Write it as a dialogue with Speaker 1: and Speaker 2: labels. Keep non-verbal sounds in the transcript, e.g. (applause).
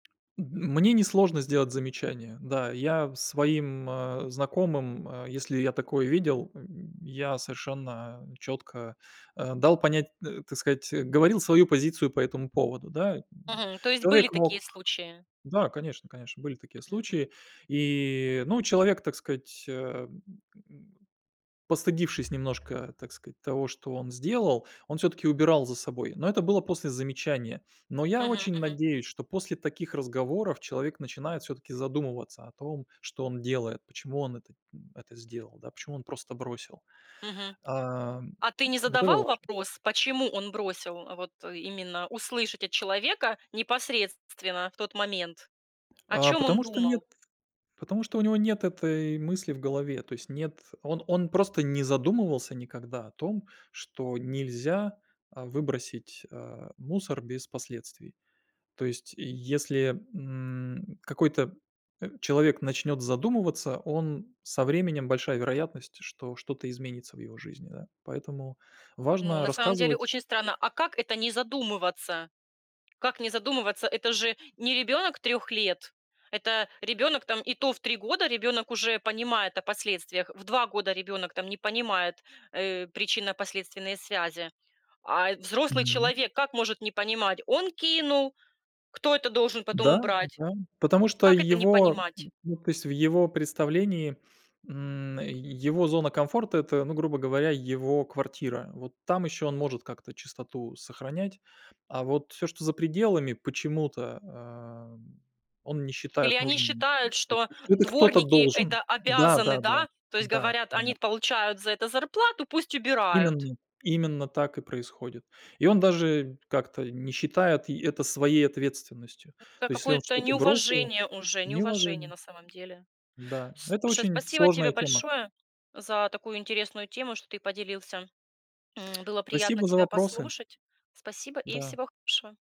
Speaker 1: М мне не сложно сделать замечание, да. Я своим, а, знакомым, а, если я такое видел, м, я совершенно чётко, а, дал понять, э, так сказать, э, говорил свою позицию по этому поводу, да, м.
Speaker 2: Мгм, то есть были
Speaker 1: Человек мог
Speaker 2: такие случаи?
Speaker 1: да, конечно конечно, были такие
Speaker 2: Мгм, мгм.
Speaker 1: случаи. И и, ну, человек, так сказать, а, м, постыдившись немножко, так сказать, того, что он сделал, он всё-таки убирал за собой. Но это было после замечания. Но я
Speaker 2: Мгм,
Speaker 1: очень
Speaker 2: мгм.
Speaker 1: надеюсь, что после таких разговоров человек начинает всё-таки задумываться о том, что он делает, почему он это, м, это сделал, да, почему он просто бросил,
Speaker 2: Мгм.
Speaker 1: ам.
Speaker 2: А ты не
Speaker 1: Вот это
Speaker 2: задавал
Speaker 1: важно.
Speaker 2: вопрос, почему он бросил, а? Вот именно услышать от человека непосредственно в тот момент. О
Speaker 1: А
Speaker 2: чём он
Speaker 1: потому что нет
Speaker 2: думал?
Speaker 1: потому что у него нет этой мысли в голове. То есть, нет, он он просто не задумывался никогда о том, что нельзя, а, выбросить, а, мусор без последствий. То есть, если, м, какой-то, э, человек начнёт задумываться, он со временем большая вероятность, что что-то изменится в его жизни, да. Поэтому
Speaker 2: Ну,
Speaker 1: важно
Speaker 2: на самом деле
Speaker 1: рассказывать.
Speaker 2: очень странно, а как это не задумываться? Как не задумываться? Это же не ребёнок 3 лет. Это ребёнок там, и то в 3 года ребёнок уже понимает о последствиях. В 2 года ребёнок там не понимает, э, причинно-последственные связи. А, э, взрослый
Speaker 1: Мгм.
Speaker 2: человек, как может не понимать? Он кинул, кто это должен потом убрать?
Speaker 1: Да-да, потому что
Speaker 2: Как это не
Speaker 1: его,
Speaker 2: понимать?
Speaker 1: н, ну то есть, в его представлении, м, его зона комфорта- это, грубо говоря, его квартира. Вот там ещё он может как-то чистоту сохранять, а вот всё, что за пределами, почему-то, а, он не
Speaker 2: Или
Speaker 1: считает
Speaker 2: они
Speaker 1: нужным.
Speaker 2: считают, что
Speaker 1: (unintelligible) Это кто-то
Speaker 2: дворники-
Speaker 1: должен.
Speaker 2: это обязаны,
Speaker 1: Да-да-да,
Speaker 2: да? То есть
Speaker 1: да,
Speaker 2: говорят:
Speaker 1: да.
Speaker 2: "Они т получают за это зарплату, пусть убирают".
Speaker 1: Именно именно так и происходит. И он даже как-то не считает и это своей ответственностью.
Speaker 2: М, это
Speaker 1: То есть, если он
Speaker 2: какое-то
Speaker 1: что-то бросил
Speaker 2: неуважение уже, неуважение
Speaker 1: неуважение.
Speaker 2: на самом деле.
Speaker 1: Да, это
Speaker 2: Слушай,
Speaker 1: очень
Speaker 2: спасибо тебе
Speaker 1: сложная тема.
Speaker 2: большое за такую интересную тему, что ты поделился, м. Было приятно
Speaker 1: Спасибо за
Speaker 2: тебя
Speaker 1: вопросы.
Speaker 2: послушать. Спасибо и
Speaker 1: Да.
Speaker 2: всего хорошего.